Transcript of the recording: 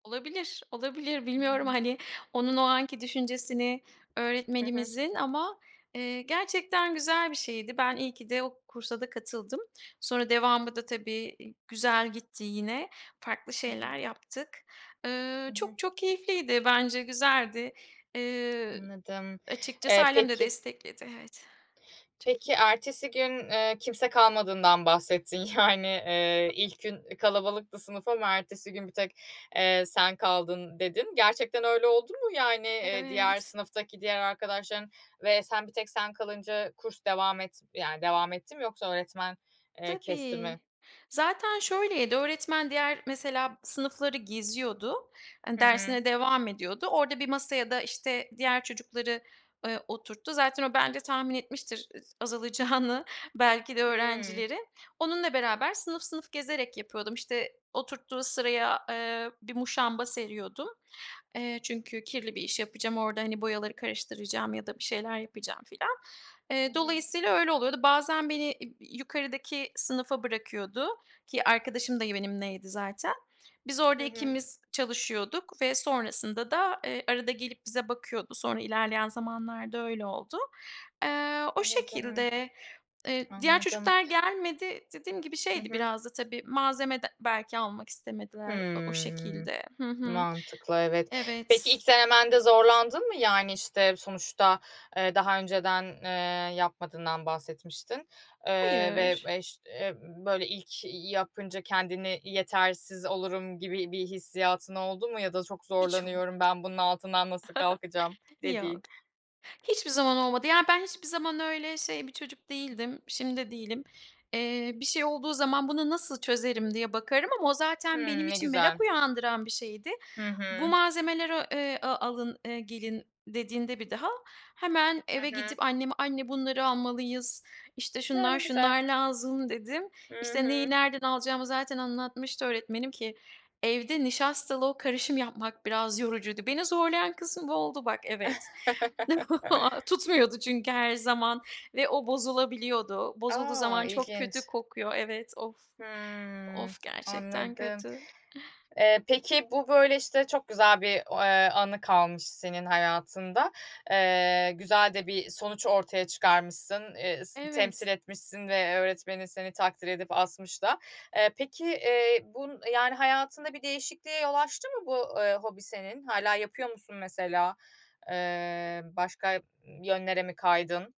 Olabilir, olabilir, bilmiyorum, [unintelligible] hani, onun o anki düşüncesini Hı hı. öğretmenimizin ama, eee, gerçekten güzel bir şeydi. Ben iyi ki de o kursa da katıldım. Sonra devamı da tabii, i güzel gitti yine, farklı Hı hı. şeyler yaptık. Hı Iıı, hı. çok çok keyifliydi, bence güzeldi. Eee, Anladım. açıkçası Eee, ailem de peki destekledi. Evet, çok iyiydi. Peki ertesi gün, eee, kimse kalmadığından bahsettin. Yani, eee, [unintelligible] ilk gün, eee, kalabalıktı sınıf ama ertesi gün bir tek, eee, sen kaldın dedin. Gerçekten öyle oldu mu, yani, eee, diğer Evet. sınıftaki diğer arkadaşların ve sen, bir tek sen kalınca kurs devam et yani, devam etti mi yoksa öğretmen, eee, kesti Tabii. mi? Zaten şöyleydi, öğretmen diğer mesela sınıfları geziyordu, hani, Hı hı. dersine devam ediyordu. Orada bir masaya da, işte, diğer çocukları, eee, oturttu. Zaten o bence tahmin etmiştir ıs azalacağını belki de Hıı. öğrencilerin. Onunla beraber sınıf sınıf gezerek yapıyordum. İşte, oturttuğu sıraya, eee, bir muşamba seriyordum. Eee, çünkü kirli bir iş yapacağım, orada, hani, boyaları karıştıracağım ya da bir şeyler yapacağım filan. Hı Eee, hı. dolayısıyla öyle oluyordu. Bazen beni im i yukarıdaki sınıfa bırakıyordu ki arkadaşım da benimleydi zaten. Biz Hı orada hı. ikimiz çalışıyorduk ve sonrasında da, eee, arada gelip bize bakıyordu. Sonra ilerleyen zamanlarda öyle oldu. Eee, o Anladım. şekilde. Eee, diğer Anladım. çocuklar gelmedi, dediğim gibi, Hı şeydi hı. biraz da tabii, malzeme d belki almak istemediler o o Hımm. şekilde. Hı hı. Mantıklı, evet. Peki Evet. ilk denemende zorlandın mı? Yani, işte, sonuçta, eee, daha önceden, eee, yapmadığından bahsetmiştin, eee, ve Hayır. eş eee, böyle, ilk yapınca kendini yetersiz olurum gibi bir hissiyatın oldu mu ya da çok Hiç olmadı. zorlanıyorum, ben bunun altından nasıl kalkacağım Yok, dediğin? hiçbir zaman olmadı. Yani, ben hiçbir zaman öyle şey bir çocuk değildim, şimdi de değilim. Eee, bir şey olduğu zaman bunu nasıl çözerim diye bakarım ama o zaten benim Hımm, ne için güzel. merak uyandıran bir şeydi. Hı Bu hı. malzemeleri, eee, a alın, eee, gelin dediğinde bir daha hemen Hı eve hı. gidip anneme, "Anne bunları almalıyız, işte, Ya, ne şunlar, güzel. şunlar lazım." dedim. Hı İşte, neyi hı. nereden alacağımı zaten anlatmıştı öğretmenim ki evde nişastalı o karışım yapmak biraz yorucuydu. Beni zorlayan kısım bu oldu bak, evet. Tutmuyordu çünkü her zaman ve o bozulabiliyordu. Bozulduğu A! zaman çok İlginç. kötü kokuyor, evet. Of, Hımm. of, gerçekten Anladım. kötü. Eee, peki bu, böyle, işte, çok güzel bir o eee, anı kalmış senin hayatında. Eee, güzel de bir sonuç ortaya çıkarmışsın, eee, s temsil Evet. etmişsin ve öğretmenin seni takdir edip asmış da. Eee, peki, eee, bun yani, hayatında bir değişikliğe yol açtı mı bu, eee, hobi senin? Hâlâ yapıyor musun mesela, eee, başka, ımm, yönlere mi kaydın?